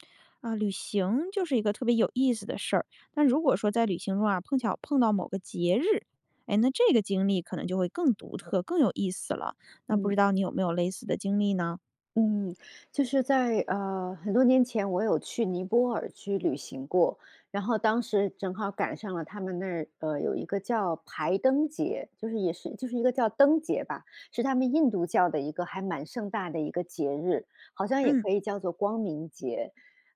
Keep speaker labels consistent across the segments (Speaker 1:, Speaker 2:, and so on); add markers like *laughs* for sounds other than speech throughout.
Speaker 1: *smacks lips* 啊，旅行就是一个特别有意思的事儿，但如果说在旅行中啊，碰巧碰到某个节日，哎，那这个经历可能就会更独特、更有意思了。那不
Speaker 2: 嗯。
Speaker 1: 知道你有没有类似的经历呢？
Speaker 2: 嗯，就是在，呃，很多年前，我有去尼泊尔去旅行过，然后当时正好赶上了他们那儿，呃，有一个叫排灯节，就是也是就是一个叫灯节吧，是他们印度教的一个还蛮盛大的一个节日，好像也
Speaker 1: 嗯。
Speaker 2: 可以叫做光明节。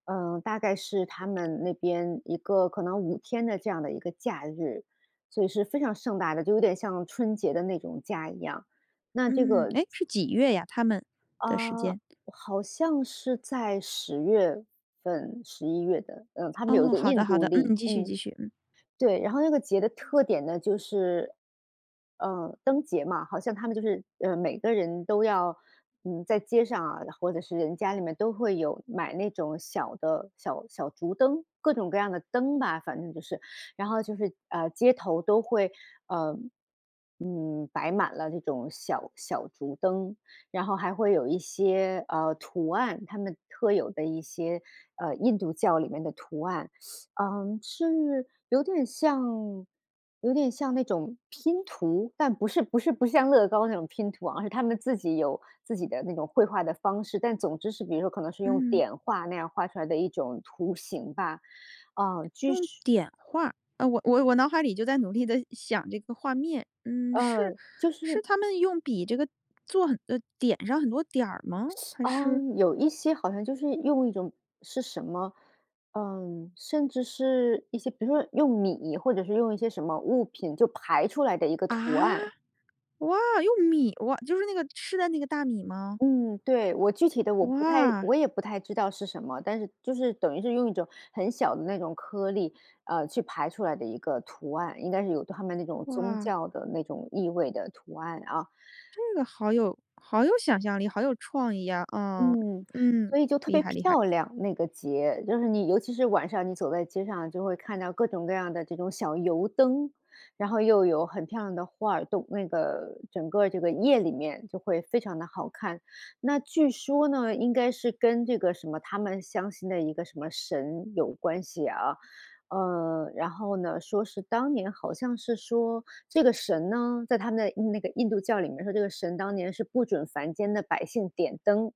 Speaker 2: 嗯，大概是他
Speaker 1: *smacks lips*
Speaker 2: 们那边一个可能5天的这样的一个假日，所以是非常盛大的，就有点像春节的那种假一样，那这
Speaker 1: 嗯。
Speaker 2: 个
Speaker 1: 诶，是几月呀？他们的时
Speaker 2: 呃，
Speaker 1: 间。
Speaker 2: 好像是在十月份、十一月的，呃，他们有一
Speaker 1: 哦，
Speaker 2: 个
Speaker 1: 好的
Speaker 2: 印
Speaker 1: 好
Speaker 2: 度
Speaker 1: 的。
Speaker 2: 历，
Speaker 1: 嗯，继续
Speaker 2: 嗯。
Speaker 1: 继续，嗯。
Speaker 2: 对，然后那个节的特点呢，就是呃，灯节嘛，好像他们就是，呃，每个人都要，嗯，在街上啊，或者是人家里面都会有买那种小的小小竹灯，各种各样的灯吧，反正就是。然后就是，啊，街头都会，呃，嗯，摆满了这种小小竹灯，然后还会有一些，啊，图案，他们特有的一些，呃，印度教里面的图案，*inhales* 嗯，是有点像有点像那种拼图，但不是不是不像乐高那种拼图啊，是他们自己有自己的那种绘画的方式。但总之是比如说可能是用
Speaker 1: 嗯。
Speaker 2: 点画那样画出来的一种图形吧，啊，就
Speaker 1: 用
Speaker 2: 是
Speaker 1: 点画？啊，我我我脑海里就在努力地想这个画面。嗯，是
Speaker 2: 呃，就
Speaker 1: 是
Speaker 2: 是
Speaker 1: 他们用笔这个做很啊，点上很多点儿吗？
Speaker 2: *sucks teeth*
Speaker 1: 还是？
Speaker 2: 嗯，有一些好像就是用一种是什么，呃，甚至是一些，比如说用米或者是用一些什么物品就排出来的一个
Speaker 1: 啊？
Speaker 2: 图案。
Speaker 1: 哇，用米？哇就是那个吃的那个大米吗？
Speaker 2: 嗯，对，我具体的我不太
Speaker 1: 哇！
Speaker 2: 我也不太知道是什么，但是就是等于是用一种很小的那种颗粒，啊，去排出来的一个图案，应该是有他们那种宗
Speaker 1: 哇！
Speaker 2: 教的那种意味的图案啊。
Speaker 1: 这个好有好有想象力，好有创意呀，啊，
Speaker 2: 嗯，
Speaker 1: 嗯，
Speaker 2: 所以就特
Speaker 1: 厉
Speaker 2: 别
Speaker 1: 害厉害。
Speaker 2: 漂亮，那个节，就是你尤其是晚上你走在街上啊，就会看到各种各样的这种小油灯，然后又有很漂亮的画儿动那个整个这个夜里面就会非常地好看。那据说呢，应该是跟这个什么他们相信的一个什么神有关系啊。呃，然后呢，说是当年好像是说这个神呢，在他们的那个印度教里面说，这个神当年是不准凡间的百姓点灯。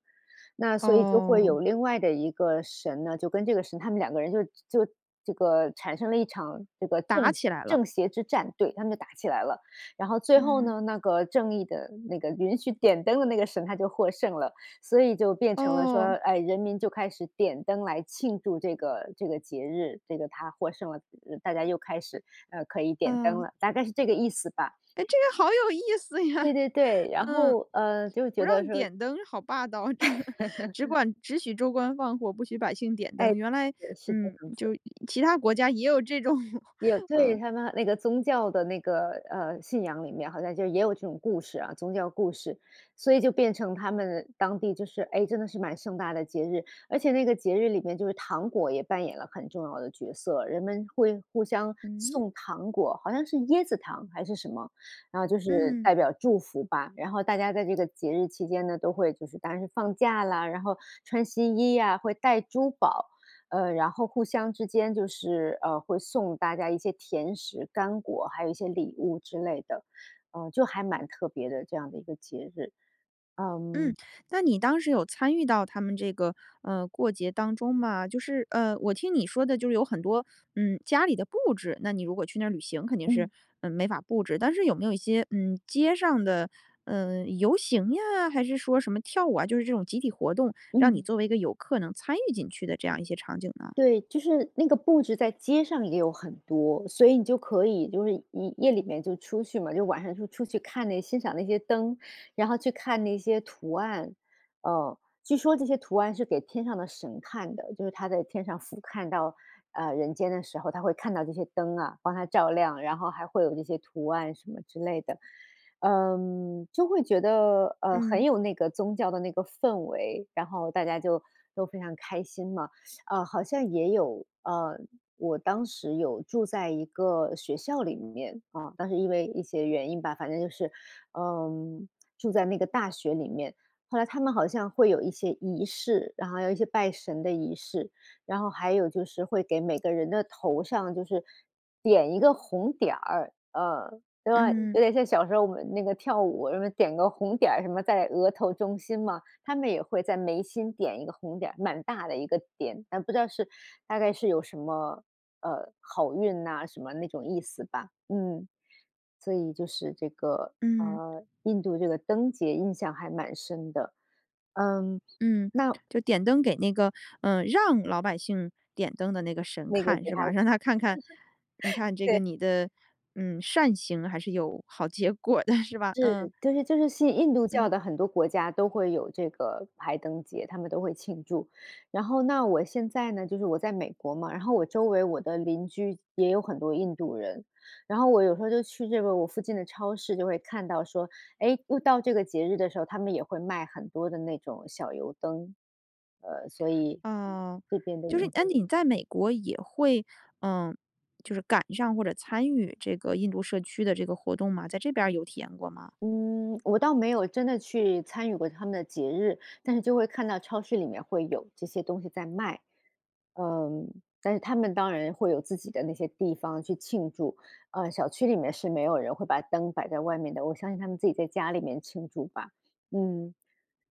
Speaker 2: 那所以就会
Speaker 1: 哦。
Speaker 2: 有另外的一个神呢，就跟这个神他们两个人就就这个产生了一场这个
Speaker 1: 打
Speaker 2: 正邪
Speaker 1: 起来了。
Speaker 2: 正邪之战，对，他们就打起来了。然后最后
Speaker 1: 嗯。
Speaker 2: 呢，那个正义的那个允许点灯的那个神，他就获胜了，所以就变成了说，
Speaker 1: 哦。
Speaker 2: 哎，人民就开始点灯来庆祝这个这个节日，这个他获胜了，大家又开始，呃，可以点灯
Speaker 1: 啊。
Speaker 2: 了，大概是这个意思吧。
Speaker 1: 哎，这个好有意思
Speaker 2: 对
Speaker 1: 呀，
Speaker 2: 对对，然
Speaker 1: 嗯。
Speaker 2: 后，呃，就
Speaker 1: 不
Speaker 2: 觉得
Speaker 1: 让
Speaker 2: 说
Speaker 1: 点灯好霸道，*laughs* 只
Speaker 2: *laughs*
Speaker 1: 管只许州官放火，不许百姓点
Speaker 2: 哎，
Speaker 1: 灯，原来，
Speaker 2: 对，是这
Speaker 1: 嗯，
Speaker 2: 样子。
Speaker 1: 就其他国家也有这种，*laughs*
Speaker 2: 有，对，
Speaker 1: 嗯。
Speaker 2: 他们那个宗教的那个，呃，信仰里面好像就也有这种故事啊-宗教故事，所以就变成他们当地就是，哎，真的是蛮盛大的节日。而且那个节日里面就是糖果也扮演了很重要的角色，人们会互相
Speaker 1: 嗯？
Speaker 2: 送糖果，好像是椰子糖还是什么，然后就是
Speaker 1: 嗯。
Speaker 2: 代表祝福吧。然后，大家在这个节日期间呢，都会就是当然是放假啦，然后穿新衣呀，会戴珠宝，呃，然后互相之间就是，呃，会送大家一些甜食干果，还有一些礼物之类的。呃，就还蛮特别的，这样的一个节日，
Speaker 1: 嗯，
Speaker 2: 嗯。
Speaker 1: 那你当时有参与到他们这个，呃，过节当中吗？就是，呃，我听你说的就是有很多，嗯，家里的布置。那你如果去那儿旅行，肯定是，
Speaker 2: 嗯。
Speaker 1: 呃，没法布置，但是有没有一些，嗯，街上的，呃，游行呀，还是说什么跳舞啊，就是这种集体活动，让你
Speaker 2: 嗯。
Speaker 1: 作为一个游客能参与进去的这样一些场景呢？
Speaker 2: 对，就是那个布置在街上也有很多，所以你就可以就是夜夜里面就出去嘛，就晚上就出去看那欣赏那些灯，然后去看那些图案，嗯。据说这些图案是给天上的神看的，就是他在天上俯瞰到，啊，人间的时候，他会看到这些灯啊，帮他照亮，然后还会有这些图案什么之类的。嗯，就会觉得，呃，很
Speaker 1: 嗯。
Speaker 2: 有那个宗教的那个氛围，然后大家就都非常开心嘛，啊，好像也有呃，我当时有住在一个学校里面，啊，当时因为一些原因吧，反正就是，呃，住在那个大学里面。后来他们好像会有一些仪式，然后有一些拜神的仪式，然后还有就是会给每个人的头上就是，点一个红点儿，呃，对吧，
Speaker 1: 嗯。
Speaker 2: 有点像小时候我们那个跳舞什么点个红点儿什么在额头中心嘛，他们也会在眉心点一个红点儿，蛮大的一个点，但不知道是大概是有什么，呃，好运呐什么那种意思吧，嗯。所以就是这个，
Speaker 1: 嗯。
Speaker 2: 呃，印度这个灯节印象还蛮深的，嗯，
Speaker 1: 嗯，
Speaker 2: 那
Speaker 1: 就点灯给那个，呃让老百姓点灯的那个神
Speaker 2: 那个
Speaker 1: 看
Speaker 2: 给
Speaker 1: 是
Speaker 2: 他
Speaker 1: 吧？
Speaker 2: 看。
Speaker 1: 让他看看你看
Speaker 2: *laughs*
Speaker 1: 这个
Speaker 2: 对。
Speaker 1: 你的，嗯，善行还是有好结果的，是吧？
Speaker 2: 是。
Speaker 1: 嗯。
Speaker 2: 就是就是信印度教
Speaker 1: 嗯。
Speaker 2: 的很多国家都会有这个排灯节，他们都会庆祝。然后那我现在呢，就是我在美国嘛，然后我周围我的邻居也有很多印度人，然后我有时候就去这个我附近的超市就会看到说，哎，又到这个节日的时候，他们也会卖很多的那种小油灯，呃，所以
Speaker 1: 哦。
Speaker 2: 这边的。
Speaker 1: 就是那
Speaker 2: *unintelligible*
Speaker 1: 你在美国也会，呃，就是赶上或者参与这个印度社区的这个活动吗？在这边儿有体验过吗？
Speaker 2: 嗯，我倒没有真的去参与过他们的节日，但是就会看到超市里面会有这些东西在卖。呃，但是他们当然会有自己的那些地方去庆祝，呃，小区里面是没有人会把灯摆在外面的，我相信他们自己在家里面庆祝吧。嗯，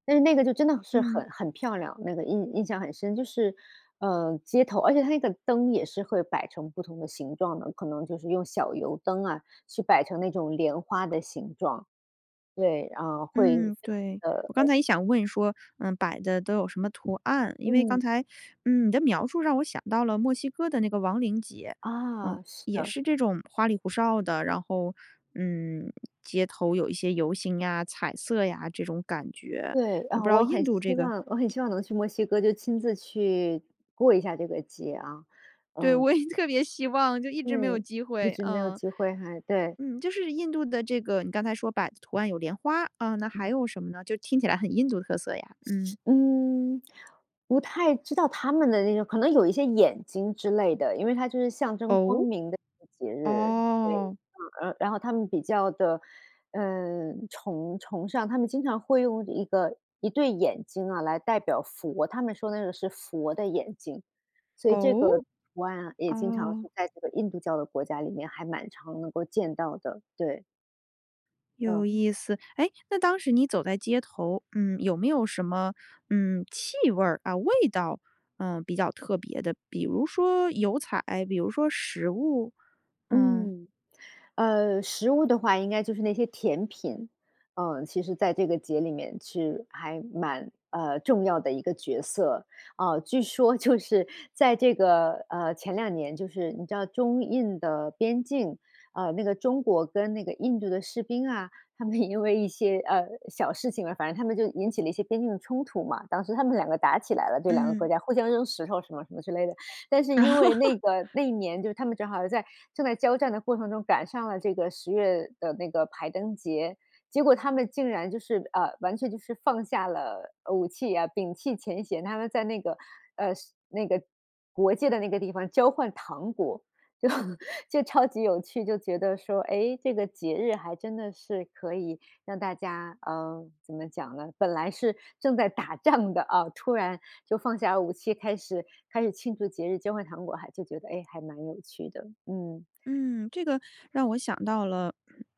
Speaker 2: 但是那个就真的是
Speaker 1: 嗯。
Speaker 2: 很很漂亮，那个印印象很深，就是，呃，街头而且它那个灯也是会摆成不同的形状的，可能就是用小油灯啊，去摆成那种莲花的形状。对，呃，会
Speaker 1: 嗯，
Speaker 2: 非
Speaker 1: 对，
Speaker 2: 常地，
Speaker 1: 我刚
Speaker 2: 呃
Speaker 1: 才也想问，说：“呃，摆的都有什么图案？”因为刚
Speaker 2: 嗯。
Speaker 1: 才，嗯，你的描述让我想到了墨西哥的那个亡灵节。嗯，
Speaker 2: 啊，是
Speaker 1: 也
Speaker 2: 的。
Speaker 1: 是这种花里胡哨的，然后，嗯，街头有一些游行呀、彩色呀，这种感觉，
Speaker 2: 对，
Speaker 1: 不
Speaker 2: 啊，
Speaker 1: 知道
Speaker 2: 我
Speaker 1: 印
Speaker 2: 很
Speaker 1: 度这
Speaker 2: 希
Speaker 1: 个
Speaker 2: 望，我很希望能去墨西哥就亲自去过一下这个节啊，
Speaker 1: 对，
Speaker 2: 嗯。
Speaker 1: 我也特别希望，就一直没有
Speaker 2: 对，
Speaker 1: 机
Speaker 2: 一
Speaker 1: 会，
Speaker 2: 直没有
Speaker 1: 嗯。
Speaker 2: 机会还对。
Speaker 1: 嗯，就是印度的这个你刚才说摆的图案有莲花，啊，那还
Speaker 2: 嗯。
Speaker 1: 有什么呢？就听起来很印度特色呀，嗯。
Speaker 2: 嗯，不太知道他们的那种可能有一些眼睛之类的，因为它就是象征光
Speaker 1: 哦？
Speaker 2: 明的一个节日，对，嗯。
Speaker 1: 哦。
Speaker 2: 然然后他们比较地，呃，崇崇尚他们经常会用一个一对眼睛啊，来代表佛，他们说那个是佛的眼睛，所以这
Speaker 1: 哦？
Speaker 2: 个图案啊，也经常
Speaker 1: 哦。
Speaker 2: 会在这个印度教的国家里面，还蛮常能够见到的，对。
Speaker 1: 有
Speaker 2: 嗯。
Speaker 1: 意思。哎，那当时你走在街头，嗯，有没有什么，嗯，气味儿、啊，味道，嗯，比较特别的，比如说油彩，比如说食物？嗯。
Speaker 2: 嗯。呃，食物的话应该就是那些甜品。呃，其实在这个节里面是还蛮呃，重要的一个角色。啊，据说就是在这个，呃，前两年就是你知道中印的边境，啊，那个中国跟那个印度的士兵啊，他们也因为一些，呃，小事情啊，反正他们就引起了一些边境的冲突嘛，当时他们两个打起来了，对，两个国
Speaker 1: 嗯。
Speaker 2: 家互相扔石头什么什么之类的。但是因为那
Speaker 1: *laughs*
Speaker 2: 个那一年就是他们正好在正在交战的过程中赶上了这个十月的那个排灯节。结果他们竟然就是呃，完全就是放下了，呃，武器啊，摒弃前嫌。他们在那个，呃，是那个国界的那个地方交换糖果。就就超级有趣，就觉得说，哎，这个节日还真的是可以让大家呃，怎么讲呢，本来是正在打仗的啊，突然就放下武器，开始开始庆祝节日，交换糖果还就觉得，哎，还蛮有趣的，嗯。
Speaker 1: 嗯，这个让我想到了，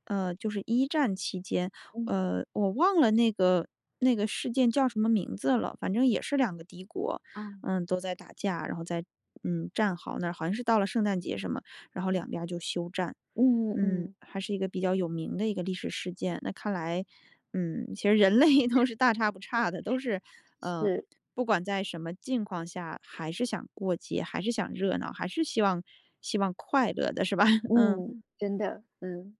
Speaker 1: 呃，就是一战期间，
Speaker 2: 嗯。
Speaker 1: 呃，我忘了那个那个事件叫什么名字了，反正也是两个敌国，
Speaker 2: 啊。
Speaker 1: 呃，都在打架，然后在，嗯，战壕那儿，好像是到了圣诞节什么，然后两
Speaker 2: 哦，
Speaker 1: 边儿就休战。
Speaker 2: 嗯
Speaker 1: 嗯，
Speaker 2: 嗯。
Speaker 1: 还是一个比较有名的一个历史事件。那看来，嗯，其实人类都是大差不差的，都是，呃，
Speaker 2: 是。
Speaker 1: 不管在什么境况下，还是想过节，还是想热闹，还是希望希望快乐的，是吧？嗯。
Speaker 2: 嗯，真的，嗯。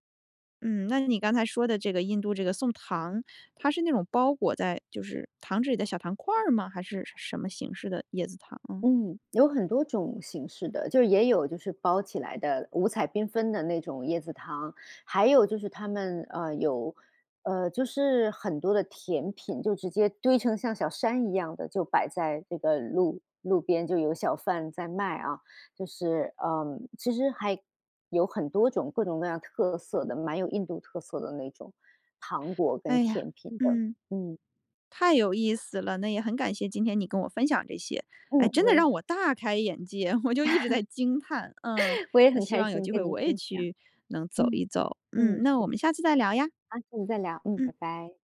Speaker 1: 嗯，那你刚才说的这个印度这个送糖，它是那种包裹在就是糖纸里的小糖块儿吗？还是什什么形式的椰子糖？嗯。
Speaker 2: 嗯，有很多种形式的。就是也有就是包起来的、五彩缤纷的那种椰子糖，还有就是他们，呃，有呃，就是很多的甜品就直接堆成像小山一样的，就摆在这个路路边就有小贩在卖啊。就是，呃，其实还有很多种各种各样特色的，蛮有印度特色的那种糖果跟
Speaker 1: 哎呀，
Speaker 2: 甜品的，
Speaker 1: 嗯，
Speaker 2: 嗯。
Speaker 1: 太有意思了。那也很感谢今天你跟我分享这些，哎，
Speaker 2: 嗯，
Speaker 1: 真的
Speaker 2: 喂
Speaker 1: 让我大开眼界，我就一直在惊叹，嗯，
Speaker 2: *laughs* 我也
Speaker 1: 那
Speaker 2: 很
Speaker 1: 希
Speaker 2: 开
Speaker 1: 望有
Speaker 2: 心
Speaker 1: 机
Speaker 2: 跟
Speaker 1: 会
Speaker 2: 你
Speaker 1: 我也
Speaker 2: 分享，
Speaker 1: 去能走
Speaker 2: 嗯，
Speaker 1: 一走。嗯，
Speaker 2: 嗯。
Speaker 1: 那我
Speaker 2: 对，
Speaker 1: 们下次再聊呀。
Speaker 2: 好，下次再聊，嗯，
Speaker 1: 嗯。
Speaker 2: 拜拜。